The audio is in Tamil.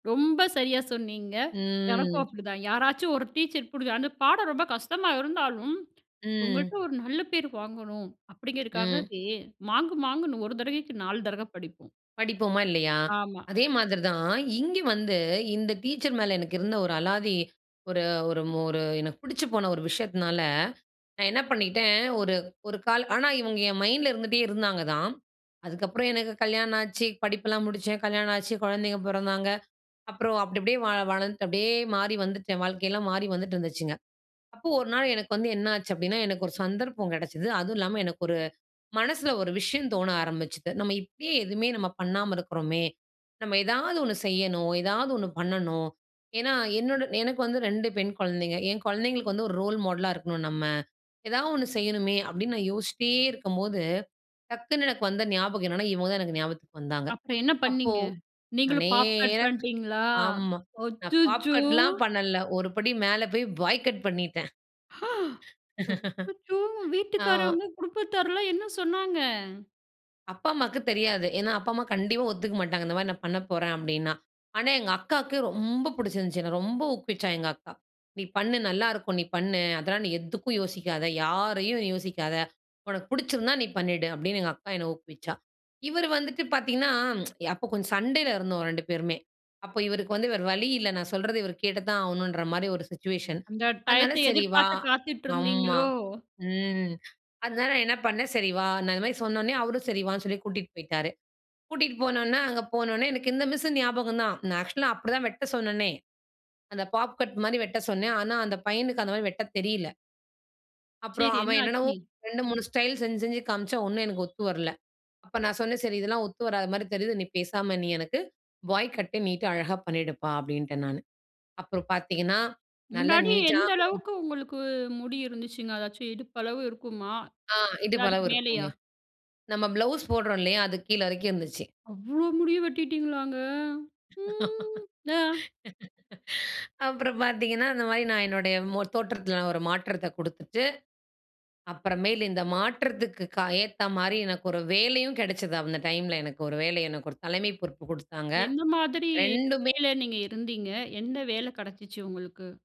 ரொம்ப சரியா சொன்னீங்க. எனக்கும் ம். அப்படிதான். யாராச்சும் ஒரு டீச்சர் பிடிக்கும். அந்த பாடம் ரொம்ப கஷ்டமா இருந்தாலும், ம். இவுங்கள்ட்ட ஒரு நல்ல பேர் வாங்கணும். ம். அப்படிங்கிறக்காகவே மாங்கு மாங்குன்னு ஒரு தடவைக்கு நாலு தடவ படிப்போம். படிப்போமா? இல்லயா? ஆமா. அதே மாதிரி தான். இங்க வந்து, இந்த டீச்சர் மேல எனக்கு இருந்த ஒரு அலாதி, ஒரு ஒரு மொ ஒரு எனக்கு பிடிச்சு போன ஒரு விஷயத்தினால, நான் என்ன பண்ணிட்டேன், ஒரு ஒரு கால் ஆனா, இவங்க என் மைண்ட்ல இருந்துட்டே இருந்தாங்க தான். அதுக்கு அப்புறம் எனக்கு கல்யாணம் ஆச்சு, படிப்பெல்லாம் முடிச்சேன், கல்யாணம் ஆச்சு, குழந்தைகள் பொறந்தாங்க. அப்புறம் அப்பிடி அப்பிடியே வாழ வளர்ந்துட்டு அப்படியே மாறி வந்துட்டேன். வாழ்க்கை எல்லாம் மாறி வந்துட்டுருந்துச்சுங்க. அப்ப, ஒரு நாள் எனக்கு வந்து என்னாச்சு அப்படின்னா எனக்கு ஒரு சந்தர்ப்பம் கிடைச்சது. அதுவும் இல்லாம எனக்கு ஒரு மனசுல ஒரு விஷயம் தோண ஆரம்பிச்சது, "நம்ம இப்படியே எதுவுமே நம்ம பண்ணாம இருக்குறோமே. நம்ம ஏதாவது ஒண்ணு செய்யணும். ஏதாவது ஒண்ணு பண்ணணும். ஏன்னா, என்னோட எனக்கு வந்து 2 பெண் குழந்தைங்க, என் குழந்தைங்களுக்கு வந்து ஒரு ரோல் மாடலா இருக்கணும், நம்ம. ஏதாவது ஒண்ணு செய்யணுமே" அப்பிடின்னு நான் யோசிச்சிட்டே இருக்கும்போது, டக்குனு எனக்கு வந்த ஞாபகம் என்னென்னா, இவங்க தான் எனக்கு ஞாபகத்துக்கு வந்தாங்க. அப்புறம் என்ன அப்போ, பண்ணீங்க? நான் நீங்களும் பாப் கட் நேரா பண்ணிட்டீங்களா? ஆமா. நான் பாப் அச்சச்சோ! கட்லாம் பண்ணல, ஒருபடி மேலே போய் பாய் கட் பண்ணிட்டேன். ஆ! அச்சச்சோ! ஆமா. வீட்டுக்காரவங்க, குடுப்பத்தார்லாம் என்ன சொன்னாங்க? அப்பா, அம்மாக்கு தெரியாது. ஏன்னா, அப்பா அம்மா கண்டிப்பா ஒத்துக்க மாட்டாங்க. இந்த மாரி நான் பண்ணப்போறேன், அப்பிடின்னா. ஆனா, எங்க அக்காவுக்கு ரொம்ப புடிச்சிருந்துச்சு, என்ன ரொம்ப ஊக்குவிச்சா, எங்க அக்கா. "நீ பண்ணு நல்லா இருக்கும், நீ பண்ணு. அதெல்லாம் நீ எதுக்கும் யோசிக்காத. யாரையும் யோசிக்காத. உனக்கு பிடிச்சிருந்தா, நீ பண்ணிடு." அப்பிடின்னு எங்க அக்கா என்னை ஊக்குவிச்சா. இவரு வந்துட்டு பார்த்தீங்கன்னா, அப்ப கொஞ்சம் சண்டைல இருந்தோம், 2 பேருமே. அப்ப இவருக்கு வந்து வேற வழி இல்ல. நான் சொல்றத இவரு கேட்டு தான் ஆகணும்ன்ற மாரி ஒரு சிட்சுவேஷன். அந்த அதனால, டயத்த "சரி வா" எதிர்பார்த்து ஆம்மா. காத்துட்ருந்தீங்களோ? ம். அதனால, நான் என்ன பண்னேன், "சரி வா" நான் இந்த மாரி சொன்ன உடனே, அவரும் சரி வான்னு சொல்லி கூட்டிட்டு போய்ட்டாரு. கூட்டிட்டு போனொன்னே, அங்க போனொன்னே, எனக்கு இந்த மிஸ்ஸு ஞாபகம் தான். நான் ஆக்சுவலா அப்படி தான் வெட்ட சொன்னனே. அந்த பாப் கட் மாரி வெட்ட சொன்னேன். ஆனா, அந்த பையனுக்கு அந்த மாரி வெட்டத் தெரியல. அப்புறம் சரி, என்ன அவன் என்னென்னவோ, ஆச்சி? 2, 3 ஸ்டைல் செஞ்சு, செஞ்சு காமிச்சான். ஒண்ணும் எனக்கு ஒத்து வரல. அப்ப நான் சொன்னேன், "சரி இதெல்லாம் ஒத்து வராத மாரி தெரியுது. நீ பேசாம நீ எனக்கு பாய் கட்டு நீட்டா அழகா பண்ணிடுப்பா" அப்பிடீன்டேன் நானு. அப்புறம் பார்த்தீங்கன்னா. நல்ல முன்னாடி எந்த நீட்டான அளவுக்கு உங்களுக்கு முடி இருந்துச்சுங்க? அதாச்சும் இடுப்பளவு இருக்குமா? அ, இல்ல, அதுக்கு இடுப்பளவு இருக்குங்க. மேலயா? நம்ம ப்ளவுஸ் போடுறோம் இல்லயா? அதுக்கு கீழ வரைக்கும் இருந்துச்சு. அவ்ளோ முடிய வெட்டிட்டீங்களாங்க? ம். இலா அப்புறம் பார்த்தீங்கன்னா, அந்த மாரி நான் என்னுடைய மொ தோற்றத்தில ஒரு மாற்றத்த குடுத்துட்டு, அப்புறமேலு இந்த மாற்றத்திற்கு கா ஏத்த மாரி எனக்கு ஒரு வேலையும் கெடச்சது. அந்த டைம்ல எனக்கு ஒரு வேலை. ஒரு தலைமை பொறுப்பு குடுத்தாங்க. எந்த மாதிரி 2ம்மே வேலை நீங்க இருந்தீங்க? எந்த வேலை கிடைச்சிச்சு, உங்களுக்கு?